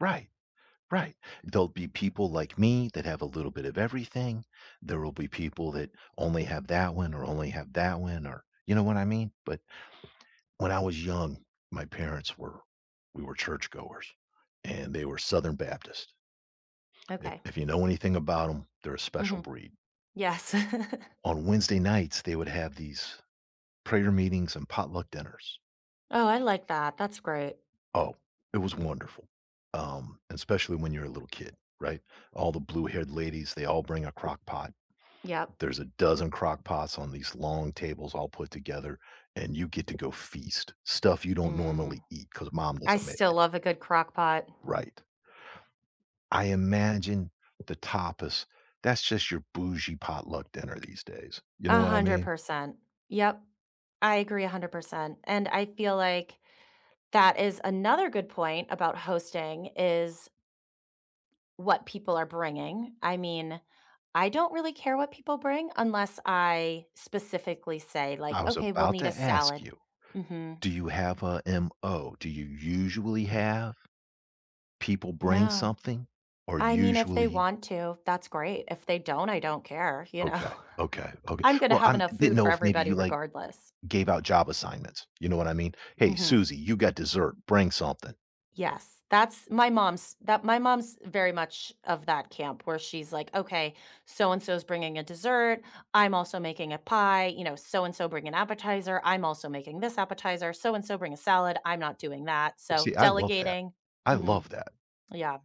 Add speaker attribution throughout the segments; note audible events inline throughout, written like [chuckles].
Speaker 1: Right. Right. There'll be people like me that have a little bit of everything. There will be people that only have that one, or only have that one, or, you know what I mean? But when I was young, my parents were we were churchgoers and they were Southern Baptists. I
Speaker 2: Okay.
Speaker 1: if you know anything about 'em, they're a special
Speaker 2: Mhm.
Speaker 1: breed.
Speaker 2: Yes. [chuckles]
Speaker 1: On Wednesday nights, they would have these prayer meetings and potluck dinners.
Speaker 2: Oh, I like that, that's great.
Speaker 1: Oh, it was wonderful, um, especially when you're a little kid right? All the blue-haired ladies, they all bring a crock pot.
Speaker 2: Yep.
Speaker 1: There's a dozen crock pots on these long tables all put together, and you get to go feast, stuff you don't
Speaker 2: Mm.
Speaker 1: normally eat 'cause mom
Speaker 2: I
Speaker 1: doesn't make
Speaker 2: still
Speaker 1: it.
Speaker 2: love a good crock pot.
Speaker 1: Right. I imagine the tapas, that's just your bougie potluck dinner these days, you know
Speaker 2: a
Speaker 1: what I
Speaker 2: hundred
Speaker 1: mean?
Speaker 2: percent. Yep. I agree 100%. And I feel like that is another good point about hosting, is what people are bringing. I mean, I don't really care what people bring unless I specifically say,
Speaker 1: I
Speaker 2: like,
Speaker 1: was
Speaker 2: "Okay, we'll
Speaker 1: about
Speaker 2: need a
Speaker 1: to ask
Speaker 2: salad."
Speaker 1: you.
Speaker 2: Mhm.
Speaker 1: Do you have a MO? Do you usually have people bring
Speaker 2: No.
Speaker 1: something or
Speaker 2: I mean, if they
Speaker 1: usually
Speaker 2: want to, that's great. If they don't, I don't care, you know? I
Speaker 1: Okay, okay, okay.
Speaker 2: I'm gonna
Speaker 1: Well,
Speaker 2: have
Speaker 1: I'm
Speaker 2: enough
Speaker 1: didn't
Speaker 2: food
Speaker 1: know
Speaker 2: for
Speaker 1: if maybe you,
Speaker 2: everybody
Speaker 1: like,
Speaker 2: regardless.
Speaker 1: gave out job assignments, you know what I mean? "Hey,
Speaker 2: Mhm.
Speaker 1: Susie, you got dessert, bring something."
Speaker 2: Yes. That's my mom's that my mom's very much of that camp where she's, like, "Okay, so-and-so's bringing a dessert, I'm also making a pie, you know, so and so bring an appetizer, I'm also making this appetizer, so-and-so bring a salad, I'm not doing that." So,
Speaker 1: See, I love that.
Speaker 2: delegating.
Speaker 1: I
Speaker 2: Mhm.
Speaker 1: love that.
Speaker 2: Yeah.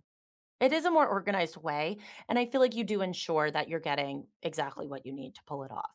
Speaker 2: It is a more organized way, and I feel like you do ensure that you're getting exactly what you need to pull it off.